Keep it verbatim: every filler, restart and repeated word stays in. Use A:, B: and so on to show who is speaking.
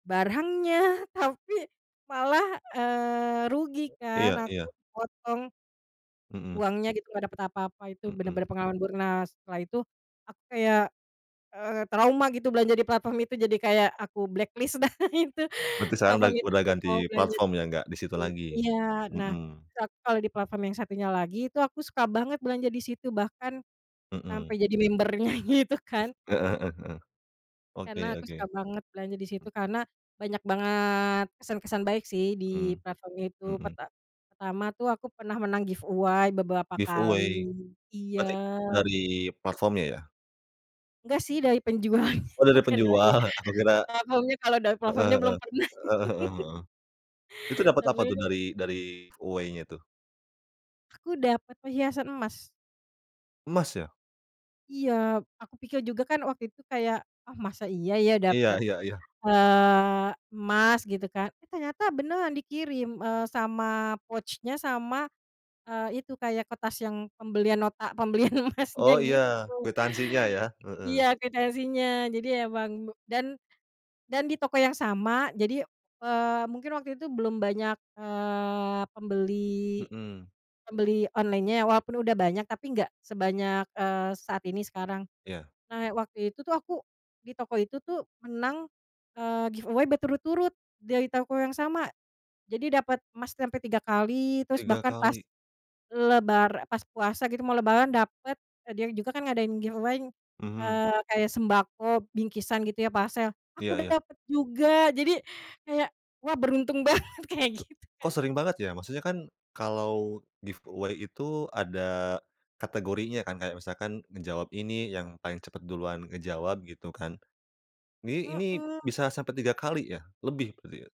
A: Barangnya, tapi malah, eee, rugi kan,
B: Iya
A: aku
B: iya.
A: kepotong
B: Mhm.
A: uangnya gitu, nggak dapet apa-apa, itu
B: Mhm.
A: bener-bener pengalaman buruk. Nah setelah itu aku kayak, eee, trauma gitu belanja di platform itu, jadi kayak aku blacklist dah itu,
B: Berarti sekarang udah
A: platform itu,
B: udah
A: nggak mau
B: ganti
A: belanja di
B: platform ya, nggak disitu
A: di
B: lagi?
A: iya. Nah,
B: Mhm.
A: terus aku kalo di platform yang satunya lagi, itu aku suka banget belanja di situ bahkan
B: Mhm.
A: sampai jadi member-nya, gitu, kan.
B: Heeh heeh heeh. Oke
A: Karena aku
B: oke.
A: suka banget belanja di situ, karena banyak banget kesan-kesan baik sih di
B: Mmm.
A: platform itu,
B: Mhm.
A: perta pertama tuh aku pernah menang giveaway, beberapa kali.
B: Giveaway?
A: Iya.
B: Berarti dari platformnya, ya?
A: Enggak sih dari penjualnya,
B: Oh, dari
A: bukan dari
B: penjual, aku kira
A: platformnya, kalo dari
B: heeh
A: platformnya
B: heeh.
A: belum pernah.
B: Heeh heeh heeh. Itu dapet apa tuh
A: [unintelligible]
B: dari dari giveaway-nya, tuh?
A: Aku dapet perhiasan emas.
B: Emas, ya?
A: Iya. Aku pikir juga kan waktu itu kayak, "Ah, masa iya ya,
B: Iya
A: dapet,
B: iya iya.
A: eee, emas?" gitu kan. Eh ternyata beneran dikirim, eee, sama pouch-nya, sama, eee, itu kayak kertas yang pembelian nota, pembelian emasnya,
B: Oh, iya.
A: gitu.
B: Kuitansinya, ya? Heeh.
A: Iya, kuitansinya. Jadi emang be dan dan di toko yang sama, jadi, eee, mungkin waktu itu belum banyak, eee, pembeli
B: Mhm.
A: pembeli online-nya, ya, walaupun udah banyak, tapi nggak sebanyak, eee, saat ini, sekarang.
B: Iya.
A: Nah, waktu itu tuh aku di toko itu tuh menang, eee, giveaway berturut-turut, dari toko yang sama. Jadi, dapet emas sampai tiga kali, terus
B: Tiga
A: bahkan pas
B: kali.
A: lebar pas puasa gitu, mau lebaran dapet eee, dia juga kan ngadain giveaway,
B: Mhm.
A: eee, kayak sembako, bingkisan gitu ya parcel, aku
B: Iya iya.
A: dapet juga! Jadi, kayak, "Wah, beruntung banget!" kaya
B: K
A: gitu,
B: kok
A: Kak.
B: sering banget, ya? Maksudnya kan, kalau giveaway itu ada kategorinya kan, kayak misalkan ngejawab ini yang paling cepet duluan ngejawab, gitu kan? Ini ini,
A: Mhm.
B: bisa sampai tiga kali, ya? Lebih berarti, ya?